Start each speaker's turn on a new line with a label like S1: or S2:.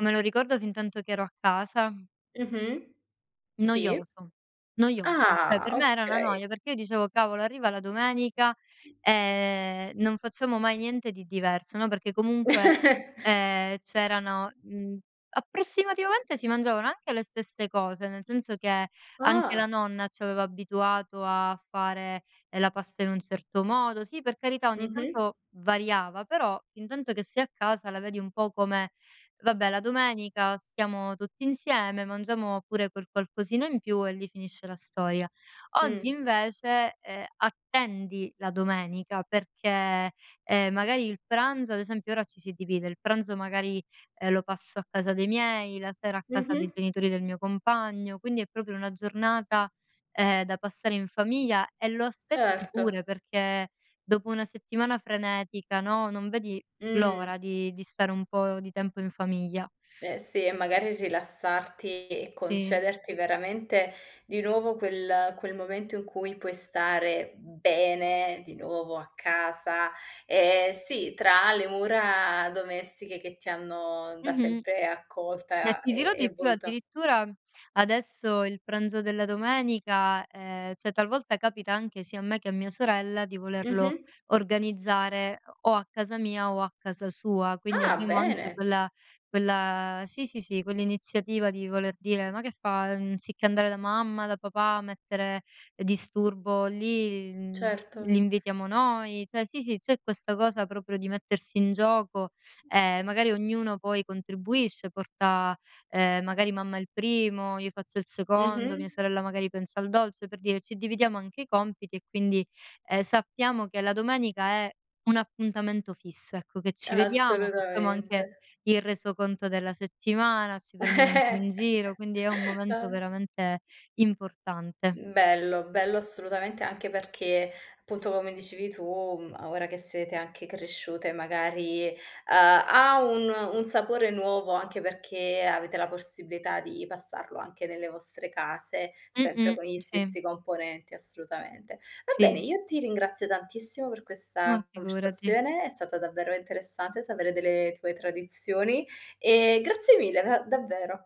S1: Me lo ricordo fintanto che ero a casa
S2: Mh-mh. Sì.
S1: noioso, noioso. Cioè,
S2: Ah,
S1: per me era una
S2: okay.
S1: noia, perché io dicevo: "Cavolo, arriva la domenica, ehm, non facciamo mai niente di diverso", no, perché comunque, ehm, c'erano mhmm, approssimativamente si mangiavano anche le stesse cose, nel senso che anche la
S2: Ah.
S1: nonna ci aveva abituato a fare, ehm, la pasta in un certo modo sì, per carità, ogni
S2: Mh-mh.
S1: tanto variava, però intanto che sei a casa la vedi un po' come: "Vabbè la domenica stiamo tutti insieme, mangiamo pure quel qualcosina in più e lì finisce la storia." Oggi
S2: Mh.
S1: invece, ehm, attendi la domenica perché, ehm, magari il pranzo ad esempio ora ci si divide, il pranzo magari, ehm, lo passo a casa dei miei, la sera a casa dei
S2: Mh-mh.
S1: genitori del mio compagno, quindi è proprio una giornata, ehm, da passare in famiglia e lo aspetti pure
S2: Certo.
S1: perché dopo una settimana frenetica, no, non vedi
S2: Mh.
S1: l'ora di di stare un po' di tempo in famiglia.
S2: Eh sì, e magari rilassarti e
S1: Sì.
S2: concederti veramente di nuovo quel quel momento in cui puoi stare bene di nuovo a casa. Ehm, sì, tra le mura domestiche che ti hanno da
S1: Mh-mh.
S2: sempre
S1: E
S2: accolta
S1: ti dirò
S2: e e
S1: di più,
S2: voluta
S1: addirittura adesso il pranzo della domenica ehm, cioè talvolta capita anche, sia a me che a mia sorella, di volerlo
S2: Mh-mh.
S1: organizzare o o a casa mia o a casa sua. Quindi
S2: Ah,
S1: abbiamo anche
S2: bene.
S1: quella quella sì, sì, sì, quell'iniziativa di voler dire: "Ma che fa? Anziché andare da mamma, da papà a mettere disturbo lì, mhmm, li
S2: Certo.
S1: invitiamo noi". Cioè sì, sì, c'è questa cosa proprio di mettersi in gioco e magari ognuno poi contribuisce, porta, ehm, magari mamma il primo, io faccio il secondo, mia
S2: Mh-mh.
S1: sorella magari pensa al dolce, per dire ci dividiamo anche i compiti e quindi, ehm, sappiamo che la domenica è un appuntamento fisso, ecco, che ci vediamo, facciamo anche
S2: Assolutamente.
S1: il resoconto della settimana, ci
S2: Eh eh.
S1: prendiamo un po' in giro, quindi è un momento
S2: Ah.
S1: veramente importante.
S2: Mhmm, bello, bello assolutamente, anche perché punto, come dicevi tu, mhmm, ora che sete anche cresciute magari, uhm, ha un un sapore nuovo, anche perché avete la possibilità di passarlo anche nelle vostre case, sempre
S1: Mh-mh.
S2: con gli
S1: Sì.
S2: stessi componenti, assolutamente. Va bene,
S1: Sì.
S2: io ti ringrazio tantissimo per
S1: Ma
S2: questa
S1: figurati.
S2: conversazione. È stata davvero interessante sapere delle tue tradizioni, e grazie mille da davvero.